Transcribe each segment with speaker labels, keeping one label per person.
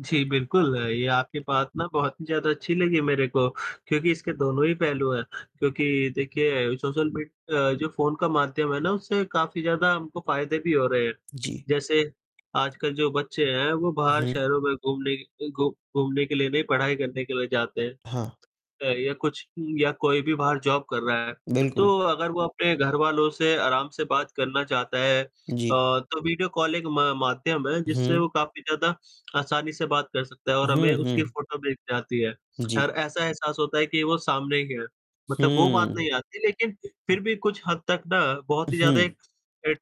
Speaker 1: जी, बिल्कुल, ये आपकी बात ना बहुत ही ज़्यादा अच्छी लगी मेरे को क्योंकि इसके दोनों ही पहलू हैं क्योंकि देखिए सोशल मीड अ, जो फ़ोन का माध्यम है ना उससे काफ़ी ज़्यादा हमको फ़ायदे भी हो रहे हैं,
Speaker 2: जी।
Speaker 1: जैसे आजकल जो बच्चे हैं, वो बाहर
Speaker 2: हुँ।
Speaker 1: शहरों में घूमने के घू घूमने के लिए नहीं पढ़ाई करने के लिए जाते हैं
Speaker 2: हाँ।
Speaker 1: या कुछ या कोई भी बाहर जॉब कर रहा है,
Speaker 2: बिल्कुल।
Speaker 1: तो अगर वो अपने घरवालों से आराम से बात करना चाहता है,
Speaker 2: जी।
Speaker 1: तो वीडियो कॉलिंग म माध्यम है जिससे वो
Speaker 2: हुँ।
Speaker 1: काफ़ी ज़्यादा आसानी से बात कर सकता है और हमें
Speaker 2: हुँ,
Speaker 1: उसकी
Speaker 2: हुँ।
Speaker 1: फोटो दिख जाती है और
Speaker 2: जी।
Speaker 1: ऐसा एहसास होता है कि वो सामने ही है, मतलब वो बात
Speaker 2: हुँ।
Speaker 1: नहीं आती लेकिन
Speaker 2: जी।
Speaker 1: फिर भी कुछ हद तक ना बहुत ही ज़्यादा
Speaker 2: हुँ।
Speaker 1: एक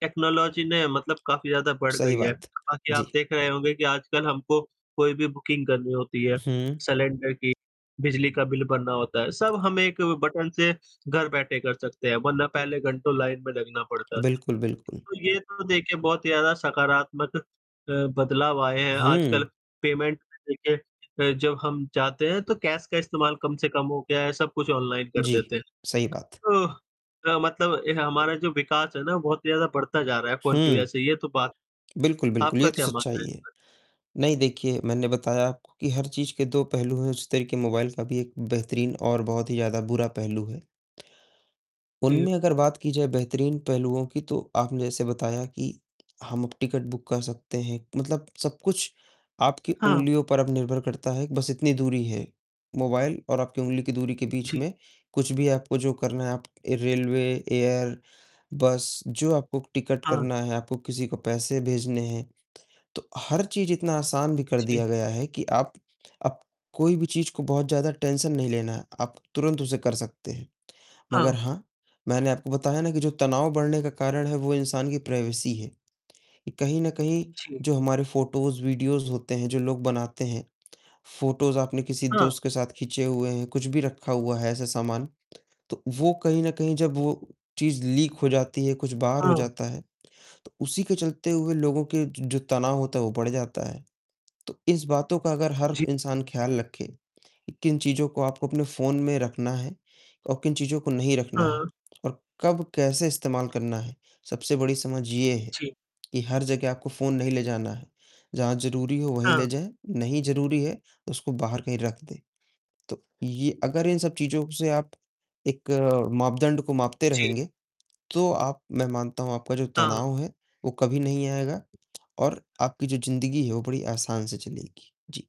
Speaker 1: टेक्नोलॉजी ने मतलब काफ़ी ज़्यादा बढ़
Speaker 2: सही
Speaker 1: गई है।
Speaker 2: बात।
Speaker 1: बाकी आप
Speaker 2: जी।
Speaker 1: देख रहे होंगे कि आजकल हमको कोई भी बुकिंग करनी होती है
Speaker 2: हुँ।
Speaker 1: सिलेंडर की, बिजली का बिल भरना होता है, सब हम एक बटन से घर बैठे कर सकते हैं, वरना पहले घंटों लाइन में लगना पड़ता था।
Speaker 2: बिल्कुल, बिल्कुल।
Speaker 1: तो ये तो देखिए बहुत ही ज़्यादा सकारात्मक अ, बदलाव आए हैं, आजकल
Speaker 2: हुँ।
Speaker 1: पेमेंट देखिए अ, जब हम जाते हैं तो कैश का इस्तेमाल कम से कम हो गया है, सब कुछ ऑनलाइन कर
Speaker 2: जी,
Speaker 1: देते हैं,
Speaker 2: सही बात।
Speaker 1: तो अ, मतलब हमारा जो विकास है ना बहुत ही ज़्यादा बढ़ता जा रहा है फ़ोन की वज़ह
Speaker 2: हुँ।
Speaker 1: से यह तो बात
Speaker 2: बिल्कुल, बिल्कुल, ये
Speaker 1: आपका
Speaker 2: तो
Speaker 1: क्या मानना
Speaker 2: सच्चाई
Speaker 1: है
Speaker 2: है।
Speaker 1: इसमें?
Speaker 2: नहीं देखिए, मैंने बताया आपको कि हर चीज़ के दो पहलू हैं, उसी तरीक मोबाइल का भी एक बेहतरीन और बहुत ही ज़्यादा बुरा पहलू है,
Speaker 1: जी।
Speaker 2: उनमें अगर बात की जाए बेहतरीन पहलुओं की तो आपने जैसे बताया कि हम अब टिकट बुक कर सकते हैं, मतलब सब कुछ आपकी
Speaker 1: हाँ।
Speaker 2: उंगलियों पर अब निर्भर करता है, बस इतनी दूरी है, मोबाइल और आपकी उंगली की दूरी के बीच
Speaker 1: जी।
Speaker 2: में, कुछ भी आपको जो करना है, रेलवे, एयर, बस जो आपको टिकट
Speaker 1: हाँ।
Speaker 2: करना है, आपको किसी को पैसे भेजने हैं, तो हर चीज़ इतना आसान भी कर
Speaker 1: जी।
Speaker 2: दिया गया है कि आप अब कोई भी चीज़ को बहुत ज़्यादा टेंशन नहीं लेना है, आप तुरंत उसे कर सकते हैं। मगर
Speaker 1: हाँ।
Speaker 2: हाँ, मैंने आपको बताया ना कि जो तनाव बढ़ने का कारण है वो इंसान की प्राइवेसी है कि कहीं न कहीं
Speaker 1: जी।
Speaker 2: जो हमारे फ़ोटोज़, वीडियोज होते हैं, जो लोग बनाते हैं, फ़ोटोज़ आपने किसी
Speaker 1: हाँ।
Speaker 2: दोस्त के साथ खींचे हुए हैं, कुछ भी रखा हुआ है ऐसा सामान, तो वो कहीं न कहीं जब वो चीज़ लीक हो जाती है, कुछ बाहर हो
Speaker 1: हाँ।
Speaker 2: जाता है, तो उसी के चलते हुए लोगों के जो तनाव होता है वह बढ़ जाता है, तो इस बातों का अगर हर
Speaker 1: जी।
Speaker 2: इंसान ख्याल रखे कि किन चीज़ों को आपको अपने फ़ोन में रखना है और किन चीज़ों को नहीं रखना है
Speaker 1: हाँ।
Speaker 2: और कब कैसे इस्तेमाल करना है, सबसे बड़ी समझ यह है
Speaker 1: जी।
Speaker 2: कि हर जगह आपको फ़ोन नहीं ले जाना है, जहाँ ज़रूरी हो वहीं
Speaker 1: हाँ।
Speaker 2: ले जाएँ, नहीं ज़रूरी है तो उसको बाहर कहीं रख दें, तो य अगर इन सब चीज़ों से आप एक मापदंड को मापते
Speaker 1: जी।
Speaker 2: रहेंगे, तो आप मैं मानता हूँ आपका जो
Speaker 1: हाँ।
Speaker 2: तनाव है, वो कभी नहीं आएगा और आपकी जो ज़िंदगी है वो बड़ी आसान से चलेगी। जी।